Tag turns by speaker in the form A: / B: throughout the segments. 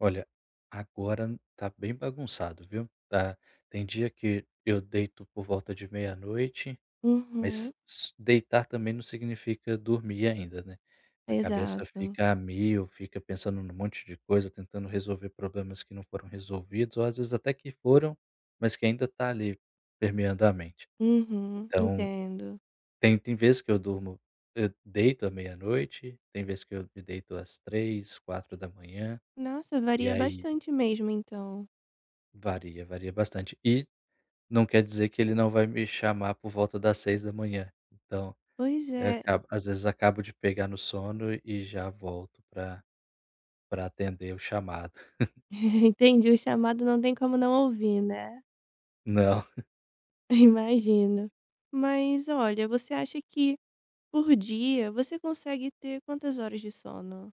A: Olha, agora tá bem bagunçado, viu? Tá. Tem dia que eu deito por volta de meia noite,
B: Uhum.
A: mas só deitar também não significa dormir ainda, né. A cabeça
B: Exato.
A: fica a mil, fica pensando num monte de coisa tentando resolver problemas que não foram resolvidos ou, às vezes, até que foram, mas que ainda tá ali, permeando a mente.
B: Uhum.
A: Então,
B: Entendo.
A: tem tem vezes que eu durmo, hã, deito à meia-noite, tem vezes que eu me deito às 3h, 4h,
B: Nossa!
A: e
B: Varia
A: aí
B: bastante mesmo então.
A: varia. Varia bastante e, não quer dizer que ele não vai me chamar por volta das 6h, Então,
B: Pois
A: eh,
B: é.
A: acaba às vezes, acabo de pegar no sono e já volto pra pra atender o chamado.
B: Entendi, o chamado não tem como não ouvir, né?
A: Não.
B: Imagino. Mas olha, você acha que por dia, você consegue ter quantas horas de sono?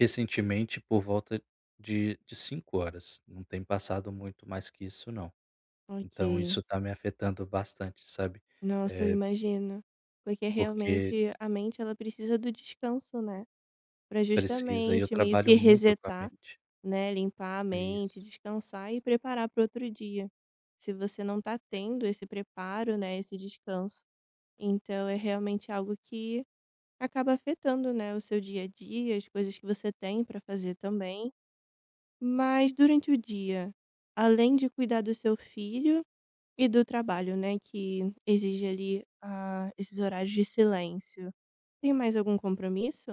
A: Recentemente por volta de de 5h não tem passado muito mais que isso não. Então,
B: Ok.
A: isso tá me afetando bastante, sabe?
B: Nossa, eu
A: Eh
B: imagino, porque
A: Porque
B: realmente a mente ela precisa do descanso, né? Pra
A: Precisa e eu
B: justamente, meio
A: trabalho
B: que
A: muito com a
B: resetar,
A: mente.
B: né, limpar a
A: Isso.
B: mente, descansar e preparar para o outro dia. Se você não tá tendo esse preparo, né, esse descanso, então, é realmente algo que acaba afetando, né, o seu dia a dia, as coisas que você tem pra fazer também. Mas durante o dia, além de cuidar do seu filho e do trabalho, né, que exige ali, ah, esses horários de silêncio, tem mais algum compromisso?